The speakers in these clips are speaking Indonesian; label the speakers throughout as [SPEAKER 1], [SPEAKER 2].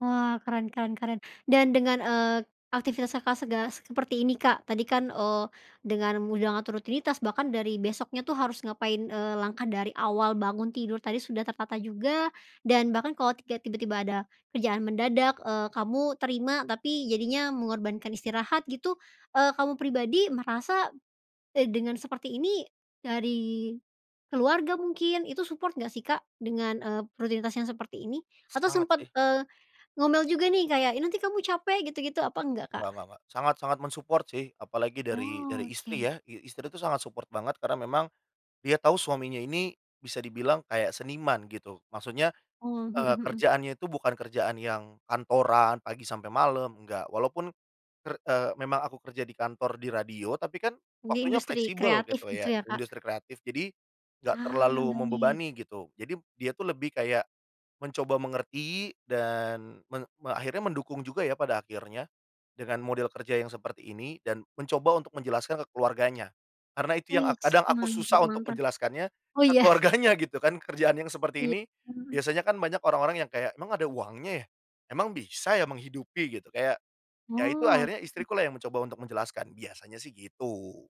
[SPEAKER 1] Wah, keren keren keren. Dan dengan, eee, aktivitas Kakak, sega seperti ini, Kak, tadi kan, eee, dengan udah ngatur rutinitas bahkan dari besoknya tuh harus ngapain, eee, langkah dari awal bangun tidur tadi sudah tertata juga dan bahkan kalau ke tiba-tiba ada kerjaan mendadak, eee, kamu terima tapi jadinya mengorbankan istirahat gitu, eee, kamu pribadi merasa, eee, dengan seperti ini dari keluarga mungkin, itu support enggak sih Kak? Dengan, eee, rutinitas yang seperti ini? Atau
[SPEAKER 2] Sangat
[SPEAKER 1] sempet,
[SPEAKER 2] sih.
[SPEAKER 1] eee, ngomel juga nih kayak, "Ih nanti kamu capek gitu-gitu," apa enggak, Kak?
[SPEAKER 2] Nggak nggak nggak. Sangat sangat men-support sih, apalagi dari dari istri
[SPEAKER 1] Oke.
[SPEAKER 2] ya. I istri itu sangat support banget karena memang dia tahu suaminya ini bisa dibilang kayak seniman gitu. Maksudnya,
[SPEAKER 1] Oh, mhm
[SPEAKER 2] eee,
[SPEAKER 1] mhm.
[SPEAKER 2] kerjaannya itu bukan kerjaan yang kantoran pagi sampai malem, enggak. Walaupun ker eee, memang aku kerja di kantor, di radio tapi kan
[SPEAKER 1] Di
[SPEAKER 2] waktunya
[SPEAKER 1] industri
[SPEAKER 2] fleksibel
[SPEAKER 1] kreatif
[SPEAKER 2] gitu
[SPEAKER 1] gitu
[SPEAKER 2] ya,
[SPEAKER 1] ya, Kak?
[SPEAKER 2] industri kreatif. Jadi, enggak
[SPEAKER 1] Ah, nah,
[SPEAKER 2] terlalu membebani
[SPEAKER 1] baik.
[SPEAKER 2] gitu, jadi dia tuh lebih kayak mencoba mengerti dan meng me akhirnya mendukung juga ya pada akhirnya dengan model kerja yang seperti ini dan mencoba untuk menjelaskan ke keluarganya. Karena itu yang ak
[SPEAKER 1] Oiks,
[SPEAKER 2] kadang aku
[SPEAKER 1] mantap
[SPEAKER 2] susah untuk
[SPEAKER 1] mantap.
[SPEAKER 2] menjelaskannya,
[SPEAKER 1] Oh
[SPEAKER 2] ke
[SPEAKER 1] ya.
[SPEAKER 2] keluarganya gitu kan kerjaan yang seperti
[SPEAKER 1] Iya,
[SPEAKER 2] ini
[SPEAKER 1] mhm.
[SPEAKER 2] biasanya kan banyak orang-orang yang kayak, "Emang ada uangnya ya? Emang bisa ya menghidupi gitu?" Kayak, ya itu
[SPEAKER 1] Oh,
[SPEAKER 2] akhirnya
[SPEAKER 1] oke.
[SPEAKER 2] istriku lah yang mencoba untuk menjelaskan. Biasanya sih gitu.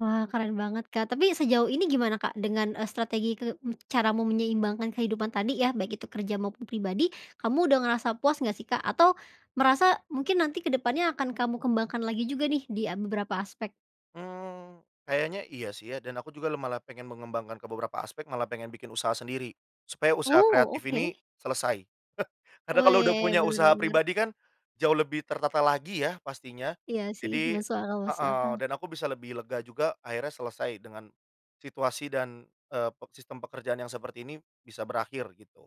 [SPEAKER 1] Wah, keren banget, Kak. Tapi sejauh ini gimana, Kak, dengan, eee, strategi ke m cara mau menyeimbangkan kehidupan tadi ya, baik itu kerja maupun pribadi, kamu udah ngerasa puas enggak sih, Kak? Atau merasa mungkin nanti kedepannya akan kamu kembangkan lagi juga nih di, eee, beberapa aspek.
[SPEAKER 2] Mmm, kayaknya iya sih ya. Dan aku juga la malah pengen mengembangkan ke beberapa aspek, malah pengen bikin usaha sendiri. Supaya usaha
[SPEAKER 1] Oh,
[SPEAKER 2] kreatif
[SPEAKER 1] oke.
[SPEAKER 2] ini selesai. Karena
[SPEAKER 1] Oh, ya
[SPEAKER 2] kalau udah
[SPEAKER 1] ya.
[SPEAKER 2] punya
[SPEAKER 1] Bener
[SPEAKER 2] usaha
[SPEAKER 1] bener.
[SPEAKER 2] pribadi kan jauh lebih tertata lagi ya pastinya.
[SPEAKER 1] Iya sih,
[SPEAKER 2] Jadi
[SPEAKER 1] masuk akal masuk
[SPEAKER 2] heeh.
[SPEAKER 1] akal.
[SPEAKER 2] Dan aku bisa lebih lega juga akhirnya selesai dengan situasi dan, eee, pe sistem pekerjaan yang seperti ini bisa berakhir gitu.